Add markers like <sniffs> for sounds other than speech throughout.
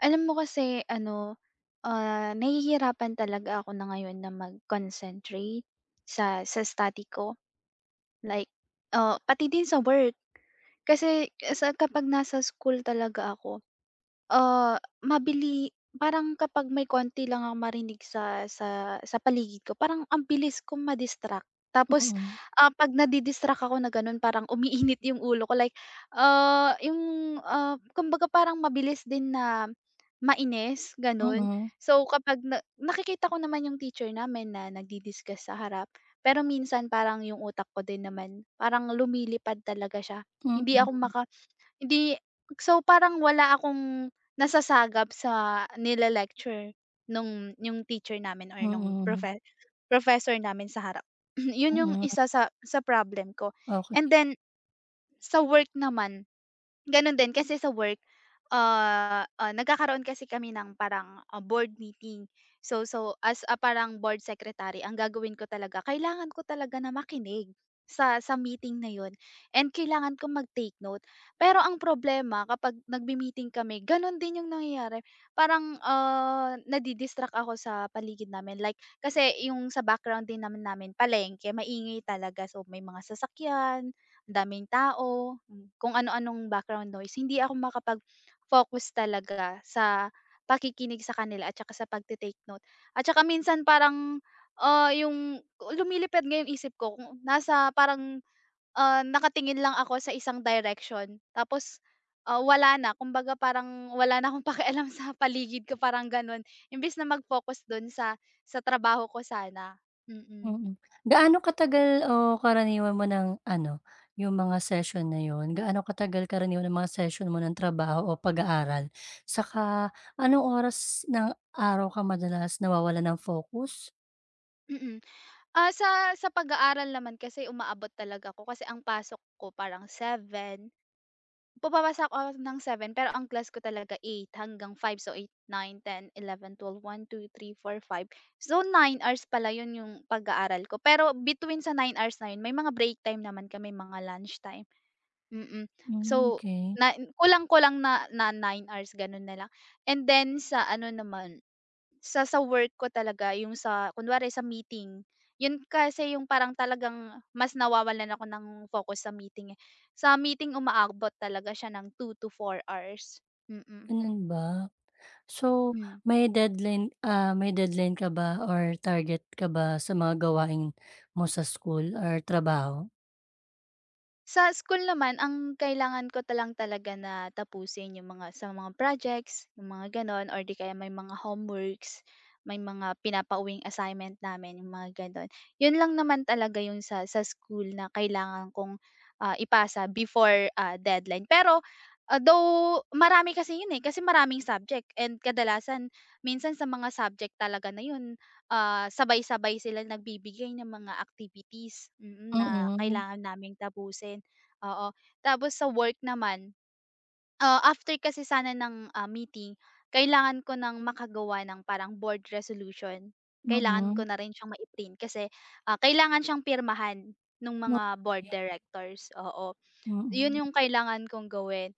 Alam mo kasi, ano, ah, nahihirapan talaga ako na ngayon na mag-concentrate sa sa study ko. LIke, ah, pati din sa work kasi, ah, sa kapag nasa school talaga ako, ah, mabili parang kapag may konti lang ako marinig sa sa sa paligid ko parang ang bilis kong ma-distract tapos, Mm. ah, 'pag na-di-distract ako na ganon parang umiinit yung ulo ko, like, ah, yung, ah, kumbaga parang mabilis din na mainis ganon. Mm. So kapag na nakikita ko naman yung teacher namin na nag-discuss sa harap pero minsan parang yung utak ko din naman parang lumilipad talaga siya. Hindi ako Mm. maka <gasps> hindi so, parang wala akong nasasagap sa nile-lecture nung yung teacher namin or nung Mm. profe professor namin sa harap. <clears throat> Yun yung Mm. isa sa sa problem ko. And Okay. then sa work naman, ganun din, kasi sa work, ah, ah, nagkakaroon kasi kami ng parang, ah, board meeting. So so as a parang board secretary, ang gagawin ko talaga, kailangan ko talaga na makinig sa sa meeting na yun and kailangan kong mag-take note, pero ang problema kapag nagme-meeting kami ganun din yung nangyayari. Parang, ah, nadi-distract ako sa paligid namin, like kasi yung sa background din naman namin palengke, kaya maingay talaga, so may mga sasakyan, ang daming tao, kung ano anong background noise, hindi ako makapag-focus talaga sa pakikinig sa kanila at saka sa pagta-take note. At saka minsan parang, ah, yung lumilipad nga yung isip ko, kung nasa parang, ah, nakatingin lang ako sa isang direction, tapos, ah, wala na kumbaga parang wala na akong pakialam sa paligid ko parang ganun, imbis na mag-focus dun sa sa trabaho ko sana. Mm. Mm. Gaano katagal o karaniwan mo ng ano, yung mga session na yun, gaano katagal karaniwan ng mga session mo ng trabaho o pag-aaral? Saka, anong oras ng araw ka madalas nawawalan ng focus? Mm. Ah, sa sa pag-aaral naman kasi umaabot talaga ko, kasi ang pasok ko parang 7. Pumapasok ako ng 7 pero ang class ko talaga 8 hanggang 5, so 8, 9, 10, 11, 12, 1, 2, 3, 4, 5, so, 9 hours pala 'yon 'yong pag-aaral ko. Pero between sa 9 hours na 'yon may mga break time naman kami, mga lunchtime. Mm. Hmm, So 'key. na kulang-kulang na na 9 hours gano'n na lang. And then sa ano naman, sa sa work ko talaga yung sa kunwari sa meeting, 'yun kasi yung parang talagang mas nawawalan ako ng focus sa meeting, eh. Sa meeting umaabot talaga siya ng 2-4 hours, mm. Gano'n ba? So Hmm. may deadline ah, may deadline ka ba or target ka ba sa mga gawain mo sa school or trabaho? Sa school naman ang kailangan ko ta lang talaga na tapusin, yung mga sa mga projects yung mga gano'n or 'di kaya may mga homeworks, may mga pinapauwing assignment namin yung mga gano'n. 'Yun lang naman talaga yung sa sa school na kailangan kong, ah, ipasa before, ah, deadline. Pero, ah, though marami kasi 'yun, eh, kasi maraming subject and kadalasan minsan sa mga subject talaga na 'yun, ah, sabay-sabay silang nagbibigay ng mga activities, mm, na Mm. kailangan naming tapusin, oo. Tapos sa work naman, ah, after kasi sana ng, ah, meeting kailangan ko ng makagawa ng parang board resolution, kailangan ko Mm. na rin siyang mai-print kasi, ah, kailangan siyang pirmahan nung M mga board yeah. directors, oo. 'Yun Mm. yung kailangan kong gawin.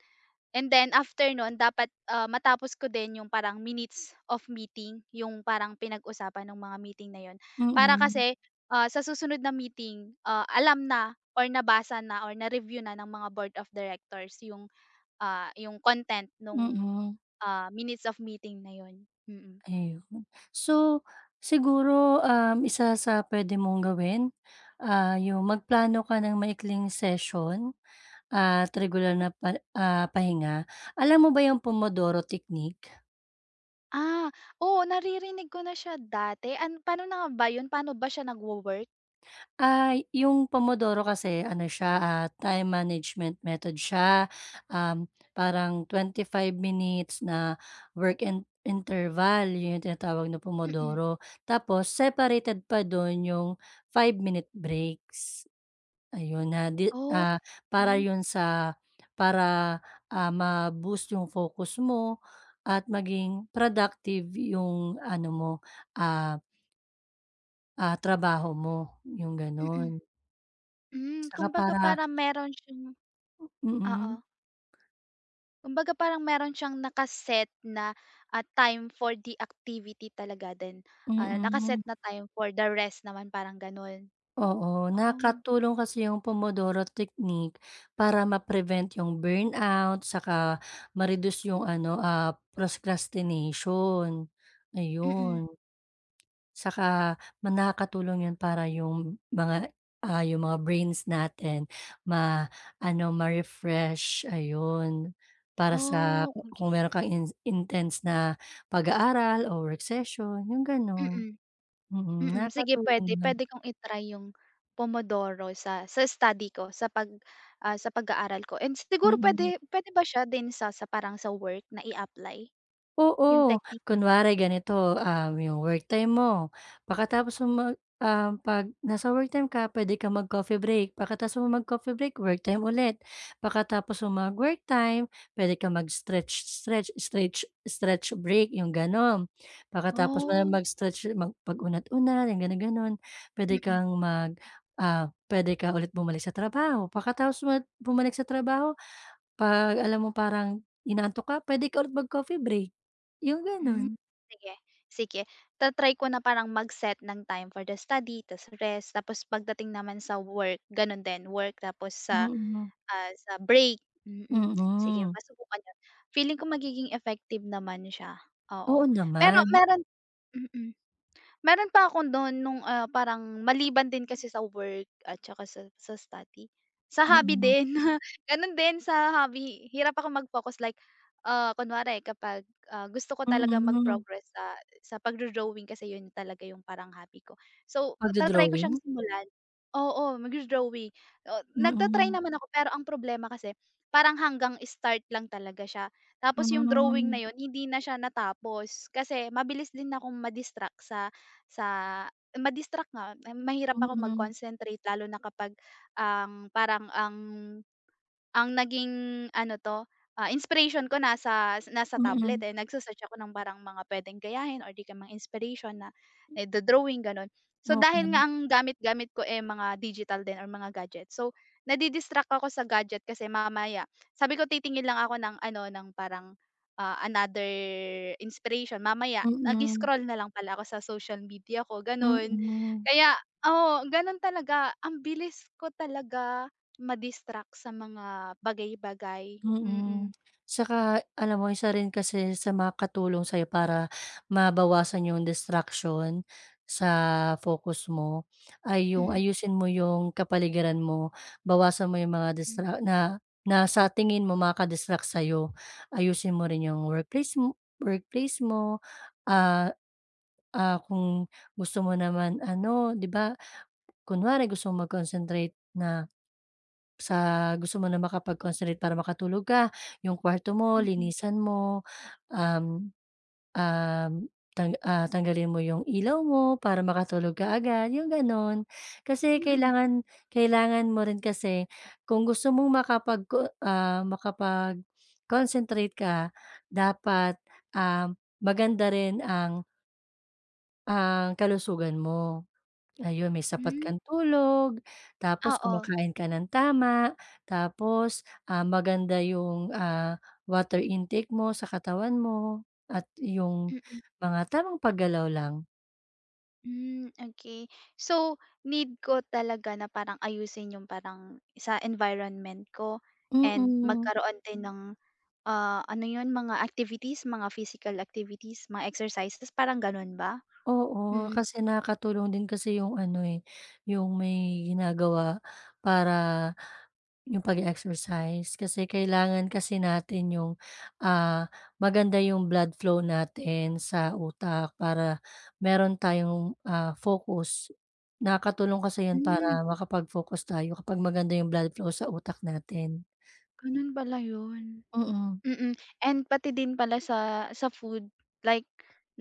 And then after noon dapat, ah, matapos ko din yung parang minutes of meeting yung parang pinag-usapan nung mga meeting na 'yun para Mm. kasi, ah, sa susunod na meeting, ah, alam na or nabasa na or na-review na ng mga board of directors yung, ah, yung content nung, Mm. ah, minutes of meeting na 'yun, mm. Ayun. So siguro, um, isa sa puwede mong gawin, ah, yung magplano ka ng maikling session at regular na pa ah, pahinga. Alam mo ba yung pomodoro technique? Ah, oo, naririnig ko na siya dati an paano na ba yun, paano ba siya nagwo-work? Ay, yung pomodoro kasi ano siya, ah, time management method siya, um, parang 25 minutes na work in interval yun tinatawag na Mm. pomodoro tapos separated pa dun yung 5 minute breaks. Ayun na di O ah, para kay. yun sa para, ah, ma-boost yung focus mo at maging productive yung, ano, mo, ah ah, trabaho mo yung, Mm. ganun. Hmm, Tsaka kumbaga para parang meron siyang Mm. oo. Kumbaga, parang meron siyang naka-set na, ah, time for the activity talaga din, ah, Mm. naka-set na time for the rest naman parang ganun. Oo, Oh. nakatulong kasi yung pomodoro technique para ma-prevent yung burnout saka ma-reduce yung, ano, ah, procrastination, Mm. ayun. Saka ma nakakatulong yun para yung mga, ah, yung mga brains natin ma-ano, ma-refresh, ayun. Para sa Oh, ku kung okay. meron kang in intense na pag-aaral o recession yung ganun. Mm, Mm, mm. Sige, nakakatulong pwede, yun. pwede kong i-try yung pomodoro sa sa study ko sa pag, ah, sa pag-aaral ko and siguro Mm. pwede pwede ba siya din sa sa parang sa work na i-apply, yung Oo, technique. kunwari ganito, ah, 'yong work time mo pakatapos mo mag ah, 'pag nasa worktime ka puwede kang mag-coffee break, pakatapos mo mag-coffee break, work time ulit pakatapos mo mag-work time, puwede kang mag-stretch-stretch, stretch stretch break 'yong gano'n. Pakatapos mo na Oh. mag-stretch mag pag-unat-unat, yung gano'n gano'n, puwede Mm. kang mag, ah, puwede ka ulit bumalik sa trabaho pakatapos mo bumalik sa trabaho, 'pag alam mo parang inaantok ka, pwede ka ulit mag-coffee break yung, Hmm, ganun. sige, sige. Ta-try ko na parang mag-set ng time for the study tas rest, tapos pagdating naman sa work, ganon din, work tapos sa, Mm. ah, sa break, mm. Sige, Mm. masubukan yun, feeling ko magiging effective naman siya oo. Oo Pero naman. meron mm. Meron pa akong dun nung, ah, parang maliban din kasi sa work at saka sa sa study, sa hobby Mm. din ganun din sa hobby hirap ako mag-focus like, ah, kunwari kapag, ah, gusto ko talagang Mm. mag-progress sa sa pag-do-drawing kasi yun talaga yung parang hobby ko. So ta-try ko siyang Pagdo-drawing? simulan oo, magdo-drawing, ah, nagta -try Mm. naman ako pero ang problema kasi parang hanggang start lang talaga siya tapos yung drawing na Hmm. yun hindi na siya natapos kasi mabilis din akong ma-distract sa sa ma-distract nga, um, mahirap ako Mm. mag-concentrate lalo na kapag ang parang ang ang naging ano 'to, ah, inspiration ko nasa nasa tablet, Mm. eh, nagse -search ako ng parang mga pwedeng gayahin or di kaya mga inspiration na naido-drawing, ganon. So dahil Okay. nga ang gamit-gamit ko, eh, mga digital din or mga gadget, so, nadi-distract ako sa gadget kasi mamaya, sabi ko, titingin lang ako ng, ano, ng parang, ah, another inspiration, mamaya Mm. nag-scroll na lang pala ako sa social media ko, ganun. Mm. Kaya oo, ganun talaga ang bilis ko talaga ma-distract sa mga bagay-bagay, Mm, mm. saka alam mo isa rin kasi sa makakatulong sa'yo para mabawasan yung distraction, sa focus mo, ay yung Mm. ayusin mo yung kapaligiran mo bawasan mo yung mga Hmm. distra na na sa tingin mo makaka-didistruct sa'yo ayusin mo rin yung workplace workplace mo, ah, ah, kung gusto mo naman, ano, di ba kunwari, gusto mo mag-concentrate na, sa gusto mo na makapag-concentrate para makatulog ka yung kwarto mo Mm. linisan mo, um, um, tang ah, tanggalin mo yung ilaw mo para makatulog ka agad yung ganun. Kasi Mm. kailangan kailangan mo rin kasi kung gusto mong makapagco ah, <sniffs> makapag-concentrate ka dapat, um, maganda rin ang Ang kalusugan mo? Ayun may sapat Hmm. kang tulog, tapos Oo. kumakain ka ng tama, tapos, ah, maganda yung, ah, water intake mo sa katawan mo at yung Mm. mga tamang paggalaw lang. Hmm okay. So, need ko talaga na parang ayusin yung parang, sa environment ko. And Mm. magkaroon din ng ah, ano yun, mga activities mga physical activities mga exercises, parang ganun ba? Oo, Mm. kasi nakakatulong din kasi yung ano eh, yung may ginagawa para yung pag-exercise. Kasi kailangan kasi natin yung, ah, maganda yung blood flow natin sa utak, para meron tayong, ah, focus. Nakakatulong kasi yun Hmm. para makapag-focus tayo, kapag maganda yung blood flow sa utak natin. Ganun pala yun? Mm. Mm. And pati din pala sa sa food like,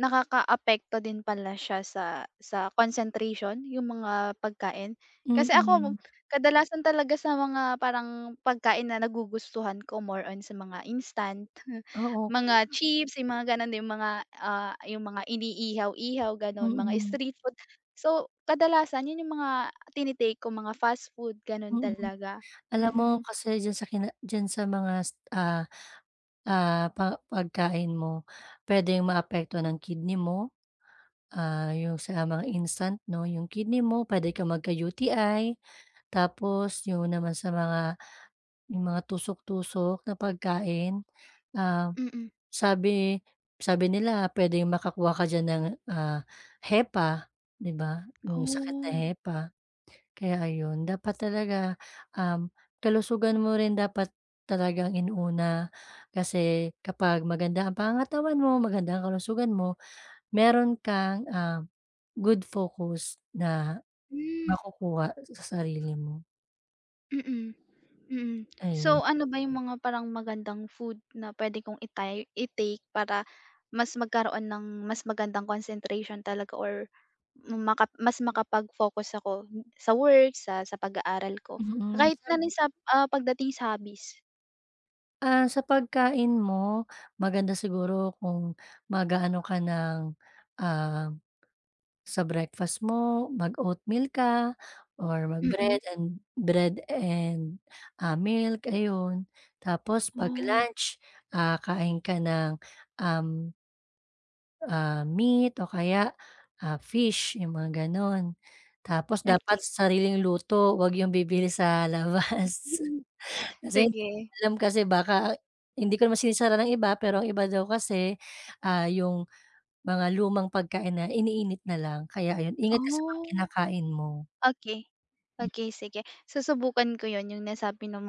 nakakaapekto din pala siya sa sa concentration, yung mga pagkain? Kasi ako Mm. kadalasan talaga sa mga parang pagkain na nagugustuhan ko, more on sa mga instant, Oh okay. mga chips, yung mga ganon yung mga, ah, yung mga iniihaw-ihaw ganon, mga Mm. street food. So kadalasan yun yung mga tini-take ko mga fast food ganun Mm. talaga. Alam mo Mm. kasi diyan sa kina diyan sa mga, ah, ah, pa pagkain mo? Pwedeng maapektuhan ang kidney mo, ah, yung sa mga instant 'no, 'yong kidney mo pwede kang magka-UTI. Tapos yung naman sa mga mga tusok-tusok na pagkain, um, Mm. sabi sabi nila pwedeng makakuha ka diyan ng, ah, hepa, 'di ba? Yung sakit na Oh. hepa. Kaya ayun dapat talaga, um, kalusugan mo rin dapat talagang inuna, kasi kapag maganda ang pangangatawan mo, maganda ang kalusugan mo meron kang, ah, good focus na Hmm. makukuha sa sarili mo. Mm, mm. So, Ayun. ano ba 'yung mga parang magandang food na pwede kong i-tay i-take para mas magkaroon ng mas magandang concentration talaga or maka mas makapag focus ako sa work sa sa pag-aaral ko Mm. kahit na Sam rin sa pagdating sa hobbies? Ah, sa pagkain mo, maganda siguro kung mag-a-ano ka ng, ah, sa breakfast mo, mag-oatmeal ka or Mm. mag-bread and bread and milk ayun. Tapos 'pag Oh. lunch, ah, kain ka ng, um ah, meat o kaya, ah, fish 'yung mga gano'n. Tapos dapat Okey. sariling luto 'wag 'yung bibili sa labas. Mhm, <chuckles> <sniffs> Kasi hindi mo sige. alam, kasi baka hindi ko naman sinisira ang iba pero ang iba daw kasi, ah, 'yung mga lumang pagkain na iniinit na lang, kaya ayun ingat ka sa mga Oh. kinakain mo Okay, Hmm. okay, sige susubukan ko 'yun 'yung nasabi mo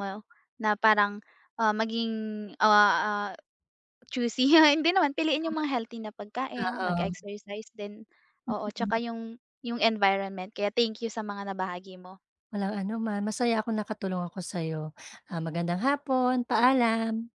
na parang, ah, maging, ah, ah, choosy <chuckles> hindi naman piliin 'yung Tama. mga healthy na pagkain, Oo. mag-exercise din, oo, 'tsaka Mm. 'yung 'yung environment. Kaya thank you sa mga nabahagi mo. Walang anuman, masaya ako nakatulong ako sa'yo. Ah, magandang hapon, paalam.